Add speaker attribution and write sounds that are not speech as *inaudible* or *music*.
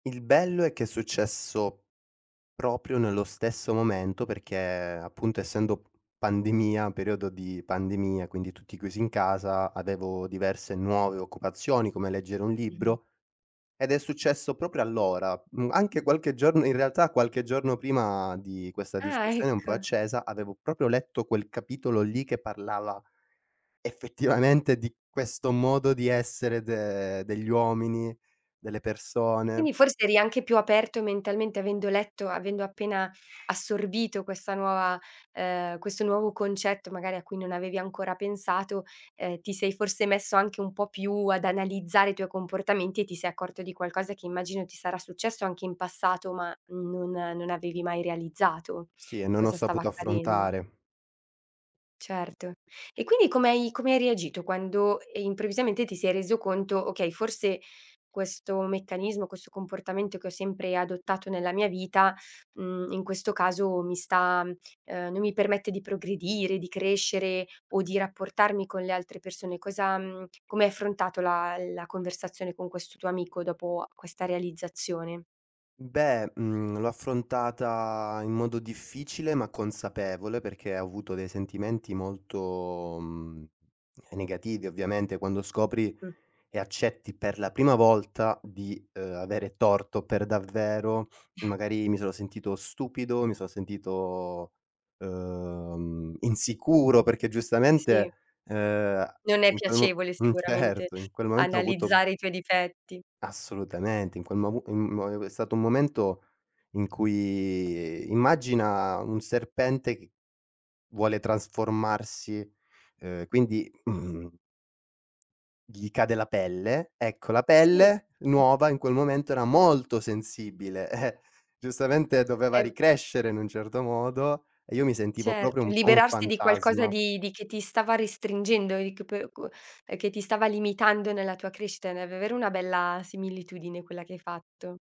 Speaker 1: Il bello è che è successo proprio nello stesso momento, perché appunto, essendo p pandemia periodo di pandemia, quindi tutti chiusi in casa, avevo diverse nuove occupazioni, come leggere un
Speaker 2: Mh-mh.
Speaker 1: libro, ed è successo proprio allora, mhmm, anche qualche giorn in realtà qualche giorno prima di questa
Speaker 2: Ah,
Speaker 1: discussione un po'
Speaker 2: ecco.
Speaker 1: accesa, avevo proprio letto quel capitolo lì che parlava, effettivamente, di questo modo di essere de degli uomini, delle persone
Speaker 2: Quindi, forse eri anche più aperto mentalmente, avendo letto, avendo appena assorbito questa nuova uhm, questo nuovo concetto magari a cui non avevi ancora pensato, ehm, ti sei forse messo anche un po' più ad analizzare i tuoi comportamenti e ti sei accorto di qualcosa che immagino, ti sarà successo anche in passato ma non non avevi mai realizzato
Speaker 1: Sì, e non ho
Speaker 2: cosa stava
Speaker 1: saputo
Speaker 2: accadendo.
Speaker 1: affrontare
Speaker 2: Certo. E quindi, come hai come hai reagito quando, ehm, improvvisamente ti sei reso conto: "Okay, forse questo meccanismo, questo comportamento che ho sempre adottato nella mia vita, mhmm, in questo caso mi sta uhm, non mi permette di progredire, di crescere o di rapportarmi con le altre persone." Cosa mhmm, come hai affrontato la la conversazione con questo tuo amico dopo questa realizzazione?
Speaker 1: Mhmm, beh, mhmm, l'ho affrontata in modo difficile ma consapevole, perché ho avuto dei sentimenti molto, mhmm, ehm, negativi ovviamente. Quando scopri
Speaker 2: Mh.
Speaker 1: e accetti per la prima volta di, uhm, avere torto per davvero,
Speaker 2: *chuckles*
Speaker 1: magari mi sono sentito stupido, mi sono sentito, uhm, insicuro, perché
Speaker 2: Sì.
Speaker 1: giustamente, uhm, a
Speaker 2: Non è
Speaker 1: in quel m
Speaker 2: piacevole
Speaker 1: mhmm,
Speaker 2: sicuramente
Speaker 1: certo. In quel momento ho avuto
Speaker 2: analizzare i tuoi difetti.
Speaker 1: Assolutamente, in quel movu mhmm, mo e ue è stato un momento in cui immagina un serpente che vuole trasformarsi, uhm, quindi *clears throat* gli cade la pelle. Ecco la
Speaker 2: Sì.
Speaker 1: pelle nuova in quel momento era molto sensibile, eh! Giustamente doveva
Speaker 2: Ehm
Speaker 1: ricrescere in un certo modo, e io mi sentivo proprio
Speaker 2: Certo,
Speaker 1: un po' un
Speaker 2: liberarsi di qualcosa
Speaker 1: fantasma.
Speaker 2: di di che ti stava restringendo e che po gu e che ti stava limitando nella tua crescita, è davvero una bella similitudine quella che hai fatto.